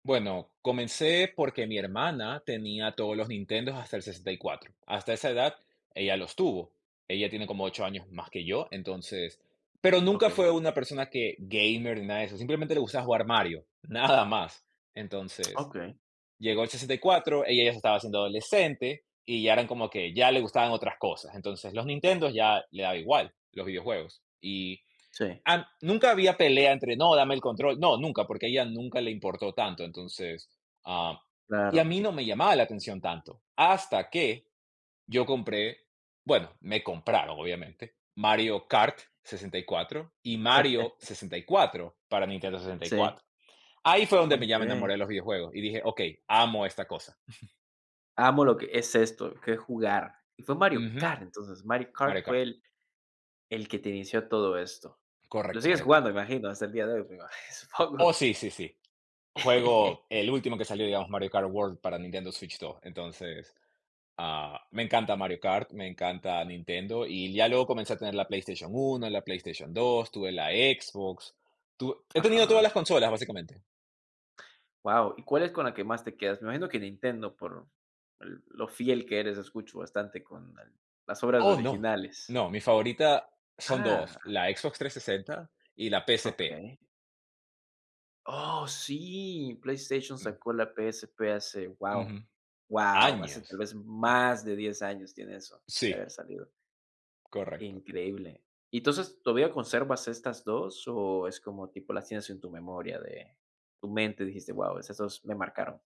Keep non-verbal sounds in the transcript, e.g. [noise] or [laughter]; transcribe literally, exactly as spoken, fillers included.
Bueno, comencé porque mi hermana tenía todos los Nintendos, hasta el sesenta y cuatro. Hasta esa edad ella los tuvo. Ella tiene como ocho años más que yo, entonces pero nunca Okey. fue una persona que, gamer ni nada de eso, simplemente le gustaba jugar Mario, nada más. Entonces, Okey. llegó el sesenta y cuatro, ella ya se estaba haciendo adolescente y ya eran como que, ya le gustaban otras cosas. Entonces los Nintendo ya le daba igual, los videojuegos. Y, Sí. am nunca había pelea entre: "No, dame el control". No, nunca, porque a ella nunca le importó tanto, entonces, ah, y a Claro. mí no me llamaba la atención tanto, hasta que yo compré, bueno, me compraron, obviamente, Mario Kart 64, y Mario [chuckles] 64 para Nintendo Sí. 64. Ahí fue donde me ya me Okey. enamoré de los videojuegos y dije: "Okey, amo esta cosa". [chuckles] Amo lo que es esto, qué es jugar. Y fue Mario Ujú. Kart, entonces. Mario Mario Kart fue Kart. el el que te inició todo esto. Lo Correcto, sigues Mario jugando, Kart. me imagino, hasta el día de hoy, me imagi Oh, supongo. sí, sí, sí. Juego [chuckles] el último que salió, digamos, Mario Kart World para Nintendo Switch 2, entonces, ah, me encanta Mario Kart, me encanta Nintendo. Y ya luego comencé a tener la PlayStation 1, la PlayStation 2, tuve la Xbox. Tu he tenido todas Ajá. las consolas, básicamente. Guau, ¿y cuál es con la que más te quedas? Me imagino que Nintendo por el lo fiel que eres, escucho bastante con el las obras Oh, no. originales. No, mi favorita, son Ah. dos, la Xbox 360 y la PSP. Okey. ¡Oh, sí! PlayStation Mm. sacó la PSP hace, guau, Ujú. guau, hace Años. tal vez más de diez años tiene eso de Sí. haber salido. Correcto. Increíble. Y, entonces, ¿todavía conservas estas dos, o, es como tipo, las tienes en tu memoria de tu mente, dijiste: "Guau, esas dos me marcaron"?